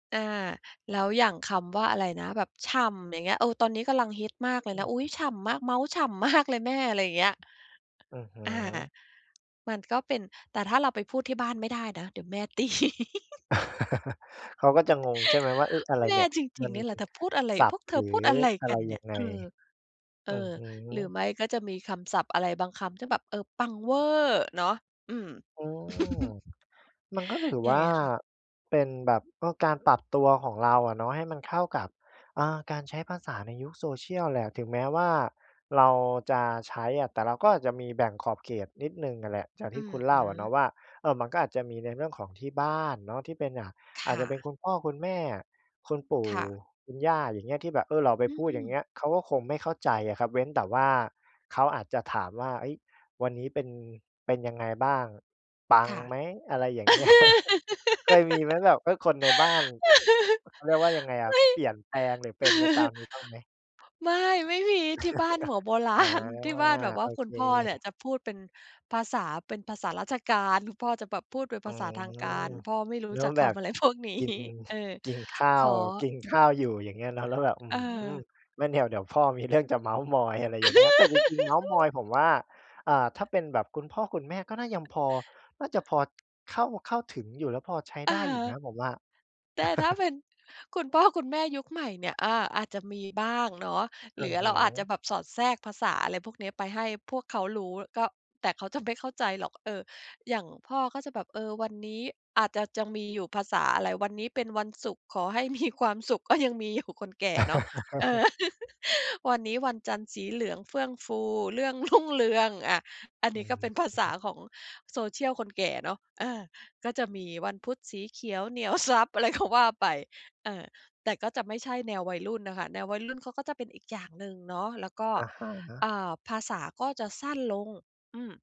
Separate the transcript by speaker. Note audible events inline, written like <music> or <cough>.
Speaker 1: อา แล้วอย่างคำว่าอะไรนะ แบบฉ่ำอย่างเงี้ย เออ ตอนนี้กำลังฮิตมากเลย
Speaker 2: อื
Speaker 1: นะ อุ๊ย
Speaker 2: ม
Speaker 1: ฉ่ำมาก เมาท์ฉ่ำ มาก เลยแม่ อะไรอย่างเงี้ย
Speaker 2: อือฮ
Speaker 1: อา
Speaker 2: ึ
Speaker 1: มันก็เป็น แต่ถ้าเราไปพูดที่บ้านไม่ได้นะ เดี๋ยวแม่ ตี <giggles>
Speaker 2: เขาก็จะงง ใช่ไหมว่า เอ๊ะ อะไร
Speaker 1: แม
Speaker 2: เน
Speaker 1: ่
Speaker 2: ี่ย
Speaker 1: จ
Speaker 2: ม
Speaker 1: ริ
Speaker 2: ั
Speaker 1: ง
Speaker 2: น
Speaker 1: ๆ นี่แหละ เธอพูดอะไร
Speaker 2: ศั
Speaker 1: พ
Speaker 2: พท
Speaker 1: วก
Speaker 2: ์
Speaker 1: เธ
Speaker 2: หร
Speaker 1: อ
Speaker 2: ือ
Speaker 1: พูดอะไร
Speaker 2: อะ
Speaker 1: ก
Speaker 2: ไ
Speaker 1: ั
Speaker 2: ร
Speaker 1: นเ
Speaker 2: ย
Speaker 1: นี
Speaker 2: ั
Speaker 1: ่ย
Speaker 2: งไง
Speaker 1: เออ เอ
Speaker 2: อื
Speaker 1: อ
Speaker 2: อฮึ
Speaker 1: หรือไม่ก็จะมีคำศัพท์ อะไรบางคำที่แบบ เออ ปังเว่อเนาะ อืม
Speaker 2: อืม
Speaker 1: <chuckles>
Speaker 2: มันก็ถือ
Speaker 1: ย
Speaker 2: ว
Speaker 1: ัง
Speaker 2: ่
Speaker 1: ไ
Speaker 2: า
Speaker 1: งคะ?
Speaker 2: เป็นแบบ ก็การปรับตัวของเราอะเนาะ ให้มันเข้ากับ เออ การใช้ภาษาในยุค social แหละ ถึงแม้ว่าเราจะใช้อะ แต่เราก็อาจจะมีแบ่งขอบเขตนิดหนึ่งอะแหละ อย่างท
Speaker 1: อ
Speaker 2: ี่
Speaker 1: ื
Speaker 2: ค
Speaker 1: อ
Speaker 2: ุณเ
Speaker 1: ฮ
Speaker 2: ล่า
Speaker 1: ึ
Speaker 2: เนาะว่า เอ่อ มันก็อาจจะมีในเรื่องของที่บ้านเนาะ ที่เป็น อ่า
Speaker 1: ค
Speaker 2: อาจ
Speaker 1: ่
Speaker 2: จะเป็น
Speaker 1: ะ
Speaker 2: คุณพ่อ คุณแม่ คุณปู่
Speaker 1: ค่ะ
Speaker 2: คุณย่า อย่างเงี้ย ที่แบบ เออ เราไป
Speaker 1: อื
Speaker 2: พูด อย่างเ
Speaker 1: ม
Speaker 2: งี้ย เขาก็คงไม่เข้าใจอะครับ เว้นแต่ว่าเขาอาจจะถามว่า เฮ้ย วันนี้เป็น เป็นยังไงบ้าง? ปัง
Speaker 1: ค่ะ
Speaker 2: ไหม? อะไรอย่างเงี้ย <chuckles> เคยมีไหม? แบบ เออ คนในบ้าน
Speaker 1: <laughs>
Speaker 2: เขาเรียกว่ายังไงอ
Speaker 1: ไม
Speaker 2: ะ
Speaker 1: ่
Speaker 2: เปลี่ยนแปลง หรือเป็นไปตาม
Speaker 1: <laughs>
Speaker 2: นี้บ้างไหม?
Speaker 1: ไม่ ไม่มีที่บ้านหัว โบร
Speaker 2: <laughs>
Speaker 1: า
Speaker 2: อา
Speaker 1: ณ ที่บ้านแบบว่
Speaker 2: โอ
Speaker 1: าคุ
Speaker 2: เ
Speaker 1: ณพ่อเนี่ย
Speaker 2: ค
Speaker 1: จะพูดเป็นภาษา เป็นภาษาราชการ คุณพ่อจะแบบพูดเป็น
Speaker 2: อื
Speaker 1: ภาษ
Speaker 2: ม
Speaker 1: าทางการ พ่อไม่รู้
Speaker 2: นึก
Speaker 1: จั
Speaker 2: ว่
Speaker 1: ก
Speaker 2: า
Speaker 1: ค
Speaker 2: แบบ
Speaker 1: ำอะไร พวกนี้
Speaker 2: กิน
Speaker 1: เออ
Speaker 2: กินข้า
Speaker 1: ข
Speaker 2: ว
Speaker 1: อ
Speaker 2: กินข้าวอยู่ อย่างเงี้ยเนาะ แล้วแบบ อื
Speaker 1: เ
Speaker 2: ม
Speaker 1: ออ
Speaker 2: งั้นเดี๋ยว เดี๋ยวพ่อมีเรื่องจะเมาท์มอย อะไรอย่างเงี้ย แต่จริง ๆ เมาท์มอยผม
Speaker 1: <laughs>
Speaker 2: ว่า เอ่อ ถ้าเป็นแบบคุณพ่อคุณแม่ ก็น่ายังพอ น่าจะพอ เข้า เข้าถึงอยู่นะ พอใช้
Speaker 1: อ
Speaker 2: ไ
Speaker 1: ื
Speaker 2: ด
Speaker 1: อ
Speaker 2: ้
Speaker 1: ฮ
Speaker 2: อยู่น
Speaker 1: ึ
Speaker 2: ะ ผมว่า
Speaker 1: แต่ถ้าเ
Speaker 2: <laughs>
Speaker 1: ป็นคุณพ่อคุณแม่ยุคใหม่เนี่ย อา อาจจะมีบ้างเนาะ
Speaker 2: อ
Speaker 1: ห
Speaker 2: ื
Speaker 1: รื
Speaker 2: อ
Speaker 1: อ
Speaker 2: ฮ
Speaker 1: เร
Speaker 2: ึ
Speaker 1: าอาจจะแบบสอดแทรกภาษา อะไรพวกเนี้ย ไปให้พวกเขารู้ ก็ แต่เขาจะไม่เข้าใจหรอก เอ่อ อย่างพ่อก็จะแบบ เออ วันนี้อาจจะยังมีอยู่ภาษาอะไร วันนี้เป็นวันศุกร์ ขอให้ มี ความสุข ก็ยังมี อยู่ คนแก่เนาะ เออ
Speaker 2: <laughs>
Speaker 1: <laughs> วันนี้วันจันทร์สีเหลืองเฟื่องฟู เรื่อง รุ่งเรือง อ่า อัน
Speaker 2: อ
Speaker 1: น
Speaker 2: ื
Speaker 1: ี้ก็เป็นภาษา
Speaker 2: ม
Speaker 1: ของ social คนแก่เนาะ อา ก็จะมีวันพุธ สีเขียวเหนี่ยว ทรัพย์ อะไรก็ว่าไป เออ แต่ก็จะไม่ใช่แนววัยรุ่นน่ะค่ะ แนววัยรุ่นเขาก็จะเป็นอีกอย่างหนึ่งเนาะ แล้วก็
Speaker 2: อะฮะ
Speaker 1: อ่า ภาษาก็จะสั้นลง อืม